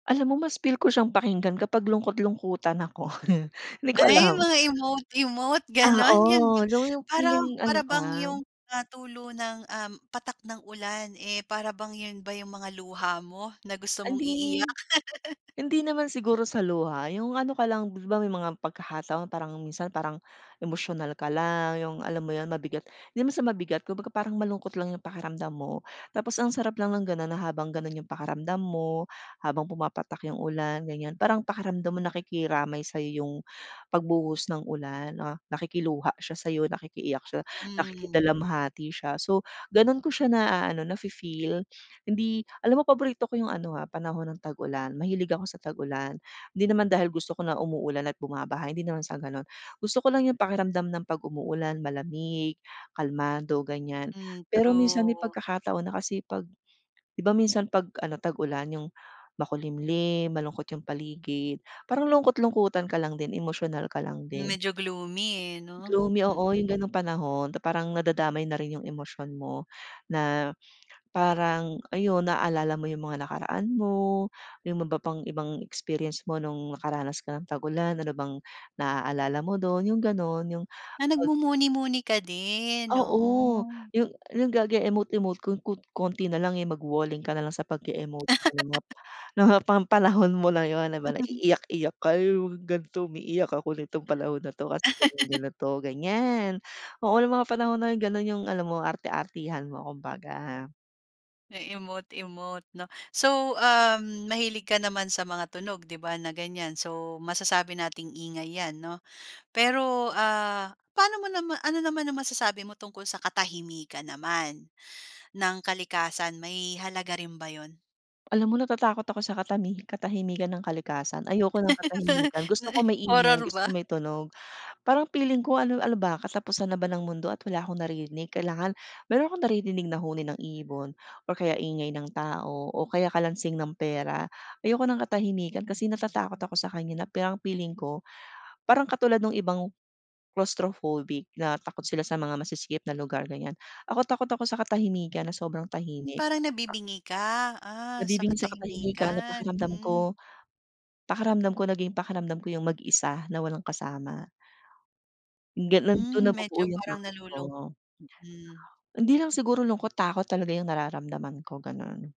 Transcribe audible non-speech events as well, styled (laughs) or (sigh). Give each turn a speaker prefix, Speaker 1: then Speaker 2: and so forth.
Speaker 1: Alam mo mas feel ko siyang pakinggan kapag lungkot-lungkutan ako. (chuckles) Di ko
Speaker 2: Ay
Speaker 1: alam.
Speaker 2: mga emote-emote
Speaker 1: Ah,
Speaker 2: ganun yun ba?
Speaker 1: oh, dun yung
Speaker 2: Parang
Speaker 1: feeling ano
Speaker 2: para
Speaker 1: ka
Speaker 2: bang yung natulo ng, um, patak ng ulan, eh, para bang yun ba yung mga luha mo na gusto mong
Speaker 1: Hindi.
Speaker 2: iiyak? (laughs)
Speaker 1: Hindi naman siguro sa luha, yung ano ka lang, 'di ba, may mga pagkakataon parang minsan parang emosyonal ka lang, yung alam mo yun mabigat di naman sa mabigat, kumbaga parang malungkot lang yung pakiramdam mo. Tapos ang sarap lang ng ganun na habang ganun yung pakiramdam mo habang pumapatak yung ulan ganyan. Parang pakiramdam mo nakikiramay sa'yo yung pagbuhos ng ulan na nakikiluha siya sa'yo nakikiiyak siya,
Speaker 2: Hmm.
Speaker 1: nakikidalamhati siya. So, ganun ko siya naaano nafi-feel, hindi alam mo paborito ko yung ano, ah, panahon ng tag-ulan mahilig ako sa tag-ulan. Di naman dahil gusto ko na umuulan at bumabaha hindi naman sa ganon. Gusto ko lang yung pakiramdam ng pag umuulan malamig, kalmado ganyan.
Speaker 2: Hmm,
Speaker 1: Pero minsan may
Speaker 2: true.
Speaker 1: pagkakataon na kasi pag 'di ba, minsan pag ano tag-ulan yung makulimlim malungkot yung paligid parang lungkot-lungkutan ka lang din emosyonal ka lang
Speaker 2: Hmm,
Speaker 1: din.
Speaker 2: medyo gloomy, eh, no?
Speaker 1: Gloomy, oo yung
Speaker 2: Mm.
Speaker 1: ganong panahon na parang nadadamay na rin yung emosyon mo na parang ayun naaalala mo yung mga nakaraan mo yung ma ba pang ibang experience mo nung nakaranas ka ng tagulan. Ano bang naaalala mo dun? Yung ganon yung
Speaker 2: Ah,
Speaker 1: pag
Speaker 2: nagmumuni-muni ka din, oo.
Speaker 1: Oo, yung yung gage emote-emote kon kon konti na lang, eh, magwo-walling ka na lang sa pag-e-emot-emote,'
Speaker 2: (laughs)
Speaker 1: no, ho pan panahon mo na yun, 'di ba, na
Speaker 2: (chuckles)
Speaker 1: iiyak-iyak ka yung mga ganto umiiyak ako nitong panahon na to kasi (unintelligible)
Speaker 2: (laughs)
Speaker 1: ganito ganyan. Oo yung mga panahon na ganun yung alam mo arte-artehan mo kumbaga.
Speaker 2: E-emote-emote, 'no? So, um, mahilig ka naman sa mga tunog, 'di ba, na ganyan so masasabi nating ingay yan, 'no? Pero, ah, pano mo nama ano naman ang masasabi mo tungkol sa katahimikan naman ng kalikasan may halaga rin ba yun?
Speaker 1: Alam mo natatakot ako sa katami katahimikan ng kalikasan. Ayoko ng katahimikan, gusto
Speaker 2: (laughs)
Speaker 1: ko maingay,
Speaker 2: Horror
Speaker 1: gusto ko
Speaker 2: ba?
Speaker 1: may tunog. Parang piling ko ano ano ba katapusan na ba ng mundo at wala akong naririnig, kailangan meron akong naririnig na huni ng ibon or kaya ingay ng tao, o kaya kalansing ng pera. Ayoko ng katahimikan kasi natatakot ako sa kanya na parang piling ko, parang katulad nung ibang claustrophobic na takot sila sa mga masisikip na lugar ganyan. Ako takot, ako sa katahimikan na sobrang
Speaker 2: Yung
Speaker 1: tahimik.
Speaker 2: parang nabibingi ka, ah, sa
Speaker 1: Nabibingi sa katahimikan na
Speaker 2: katahimikan.
Speaker 1: pakiramdam ko
Speaker 2: Hmm.
Speaker 1: pakiramdam ko naging pakiramdam ko yung mag-isa na walang kasama. Ganun, dun
Speaker 2: Hmm,
Speaker 1: nabubuo
Speaker 2: medyo
Speaker 1: yung
Speaker 2: parang
Speaker 1: takot ko.
Speaker 2: nalulung mm.
Speaker 1: Hindi lang siguro lungkot takot talaga yung nararamdaman ko, ganun.